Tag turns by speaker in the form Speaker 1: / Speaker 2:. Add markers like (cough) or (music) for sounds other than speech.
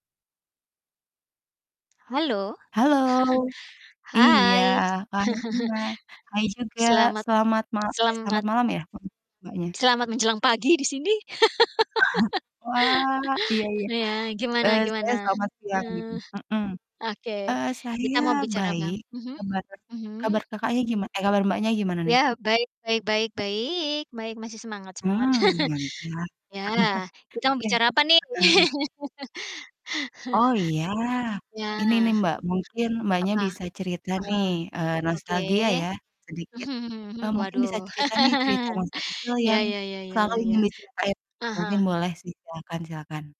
Speaker 1: Halo.
Speaker 2: Halo,
Speaker 1: (chuckles)
Speaker 2: iya.
Speaker 1: Hai.
Speaker 2: Pagi
Speaker 1: (chuckles)
Speaker 2: juga, hai juga,
Speaker 1: Selamat
Speaker 2: selamat mal eh, selamat
Speaker 1: selamat
Speaker 2: malam ya, mmm, Mbaknya?
Speaker 1: selamat menjelang pagi di sini.
Speaker 2: (chuckles) Wah, iya
Speaker 1: (laughs)
Speaker 2: iya,
Speaker 1: Iya, gimana
Speaker 2: eee, saya
Speaker 1: gimana?
Speaker 2: selamat siang di
Speaker 1: Eee,
Speaker 2: sini mhm,
Speaker 1: oke
Speaker 2: eee,
Speaker 1: kita
Speaker 2: saya
Speaker 1: mau bicara apa?
Speaker 2: baik.
Speaker 1: Mhm,
Speaker 2: Kabar kabar
Speaker 1: mhm.
Speaker 2: Kakaknya giman eh, kabar, Mbaknya, gimana nih?
Speaker 1: Ya, baik baik baik baik, baik, masih semangat semangat!
Speaker 2: Mmm,
Speaker 1: (laughs)
Speaker 2: mantap. (chuckles)
Speaker 1: Ya, kita mau
Speaker 2: Iya,
Speaker 1: bicara apa nih?
Speaker 2: heeh heeh. Oh iya.
Speaker 1: (laughs) Ya.
Speaker 2: Ini
Speaker 1: Mmm,
Speaker 2: nih, Mbak, mungkin, Mbaknya,
Speaker 1: apa?
Speaker 2: bisa cerita
Speaker 1: Ah
Speaker 2: nih,
Speaker 1: hah,
Speaker 2: eee,
Speaker 1: oke.
Speaker 2: nostalgia ya sedikit,
Speaker 1: Mhm mhm mhm,
Speaker 2: eee, mungkin bisa
Speaker 1: waduh.
Speaker 2: cerita, nih, cerita
Speaker 1: (laughs)
Speaker 2: masa kecil
Speaker 1: Ya
Speaker 2: yang
Speaker 1: ya ya ya
Speaker 2: selalu
Speaker 1: ya ya.
Speaker 2: ingin diceritain.
Speaker 1: Ah
Speaker 2: Mungkin
Speaker 1: hah.
Speaker 2: boleh sih. Silakan silakan.